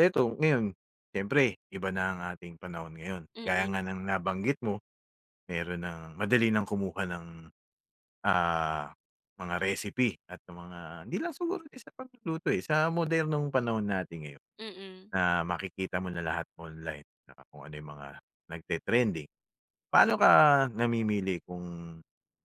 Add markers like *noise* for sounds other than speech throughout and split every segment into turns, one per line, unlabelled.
Eto ngayon, siyempre iba na ang ating panahon ngayon. Gaya
Mm.
nga ng nabanggit mo, mayro'n nang madali ng kumuha ng, ah, mga recipe at ng mga hindi lang din siguro sa pagluluto eh, sa modernong panahon natin ngayon.
Mm.
Na makikita mo na lahat online na kung ano yung mga nagte-trending. Paano ka namimili kung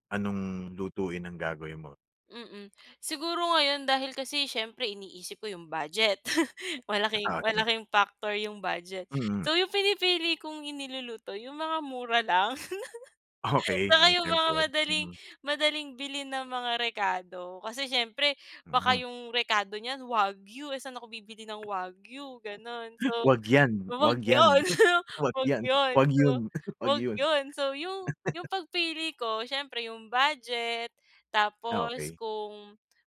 anong lutuin ang gagawin mo?
Mm. Siguro ngayon dahil kasi siyempre iniisip ko yung budget. *laughs* Malaking
*unintelligible*
malaking factor yung budget.
Mm.
So, yung pinipili kong iniluluto, yung mga mura lang. *laughs*
Okey,
'Tsaka
yun
yung mga
siyempre.
madaling
Mhm.
madaling bilhin na mga rekado. Kasi siyempre baka
Mhm.
yung rekado niyan wagyu. Eh saan ako bibili ng wagyu, gano'n. So,
*hiccups* 'Wag 'yan,
'wag
'wag 'yan,
yun,
*laughs* 'wag
'wag
'yan,
yun.
wag
So,
'yon, *chuckles* 'wag
'wag
'yon.
'yun. So yung
*chuckles*
yung pagpili ko, siyempre yung budget,
Ah
tapos
okey.
kung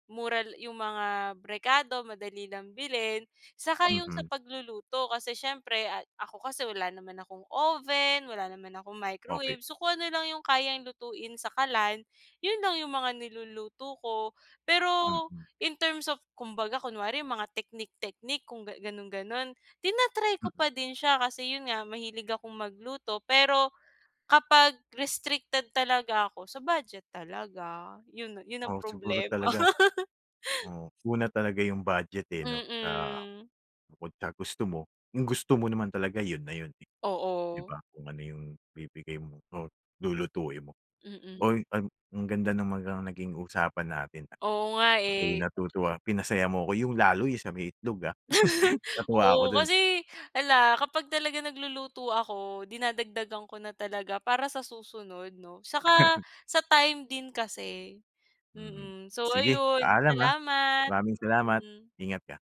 mural yung mga rekado, madali lang bilhin. 'Tsaka yung sa
Mhm.
pagluluto, kasi siyempre ay ako kasi wala naman akong oven, wala naman akong
Okey.
microwave. So, kung ano lang yung kayang lutuin sa kalan, 'yon lang yung mga niluluto ko. Pero
Mhm.
in terms of kumbaga, kunwari mga teknik-teknik kung gan gano'n-gano'n, tina-try ko
Mhm.
pa din siya kasi 'yun nga, mahilig akong magluto. Pero kapag restricted talaga ako, sa budget talaga. 'Yun 'yun ang
Oo. Siguro
problema.
talaga
*laughs*
oo, una talaga yung budget eh, 'no, sa
Mm.
bukod sa gusto mo. 'Yong gusto mo naman talaga 'yon na 'yun eh, 'di
Oo.
ba. Kung ano yung ibibigay mong or lulutuin mo.
Mm.
Uy, an ang ganda ng mga naging usapan natin ah.
Oo nga
Ako'y
eh.
natutuwa, pinasaya mo 'ko. 'Yung lalo 'yong sa may itlog ah.
*laughs*
Natuwa ako
Oo
do'n.
kasi, 'ala, kapag talaga nagluluto ako, dinadagdagan ko na talaga para sa susunod, 'no. Saka
*chuckles*
sa time din kasi.
Mhm.
Mm. So,
Sige,
ayun
paalam ah.
salamat.
Maraming salamat.
Hmm.
Ingat ka.